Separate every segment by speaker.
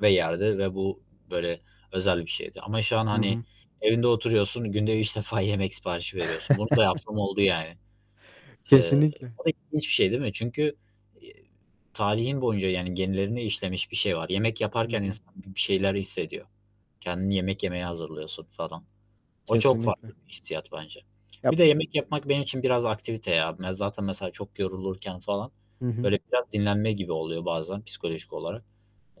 Speaker 1: ve yerdi. Ve bu böyle özel bir şeydi ama şu an,
Speaker 2: Hı
Speaker 1: hani,
Speaker 2: hı.
Speaker 1: evinde oturuyorsun, günde 3 defa yemek siparişi veriyorsun. Bunu da yaptığım oldu, yani. Eee,
Speaker 2: Kesinlikle.
Speaker 1: o da ilginç bir şey, değil mi? Çünkü, iii, tarihin boyunca, yani, genlerine işlemiş bir şey var. Yemek
Speaker 2: Hı
Speaker 1: yaparken
Speaker 2: hı.
Speaker 1: insan bi bir şeyler hissediyor. Kendini yemek yemeye hazırlıyorsun, falan. O çok
Speaker 2: Kesinlikle.
Speaker 1: farklı bir hissiyat, bence.
Speaker 2: Ya...
Speaker 1: Bir de, yemek yapmak benim için biraz aktivite ya. Ben zaten, mesela, çok yorulurken, falan,
Speaker 2: Hı hı.
Speaker 1: böyle biraz dinlenme gibi oluyor, bazen psikolojik olarak.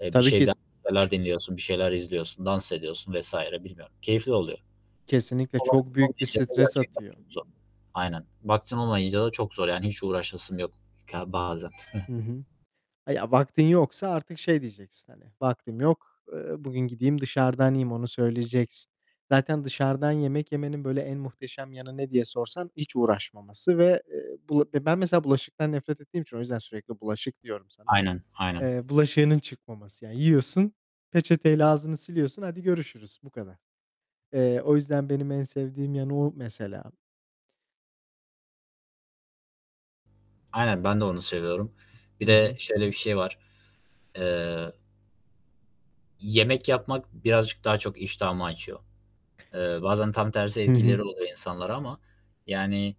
Speaker 1: Eee, bir
Speaker 2: Tabii ki.
Speaker 1: şeyden şeyler
Speaker 2: Ç
Speaker 1: dinliyorsun, bir şeyler izliyorsun, dans ediyorsun vs. bilmiyorum. Keyifli oluyor.
Speaker 2: Kesinlikle
Speaker 1: O
Speaker 2: çok
Speaker 1: vaktim
Speaker 2: büyük bir
Speaker 1: olmayınca da
Speaker 2: stres
Speaker 1: gerçekten
Speaker 2: atıyor.
Speaker 1: çok zor. Aynen. Vaktim olmayınca da çok zor, yani, hiç uğraşasım yok, ka bazen.
Speaker 2: Hı hı. Ya ya, vaktin yoksa artık şey diyeceksin, hani: "Vaktim yok. Eee, bugün gideyim, dışarıdan yiyeyim." Onu söyleyeceksin. Zaten dışarıdan yemek yemenin, böyle, en muhteşem yanı ne diye sorsan: hiç uğraşmaması ve, eee, bula ben mesela bulaşıktan nefret ettiğim için o yüzden sürekli bulaşık diyorum sana,
Speaker 1: Aynen aynen.
Speaker 2: eee, bulaşığının çıkmaması. Yani, yiyorsun, peçeteyle ağzını siliyorsun. Hadi görüşürüz. Bu kadar. Eee, o yüzden benim en sevdiğim yanı, o mesela.
Speaker 1: Aynen, ben de onu seviyorum. Bir
Speaker 2: Hı
Speaker 1: de
Speaker 2: hı.
Speaker 1: şöyle bir şey var: Eee yemek yapmak birazcık daha çok iştahımı açıyor. Eee, bazen tam tersi
Speaker 2: Hı hı.
Speaker 1: etkileri oluyor insanlara ama, yani,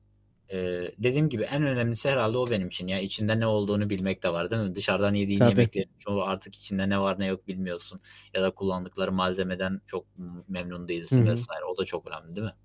Speaker 1: eee, dediğim gibi en önemlisi herhâlde o benim için. Yani, içinde ne olduğunu bilmek de var, değil mi? Dışarıdan yediğin
Speaker 2: Tabii.
Speaker 1: yemeklerin çoğu artık içinde ne var ne yok bilmiyorsun ya da kullandıkları malzemeden çok me memnun
Speaker 2: Hı
Speaker 1: değilsin
Speaker 2: hı.
Speaker 1: vs. O da çok önemli, değil mi?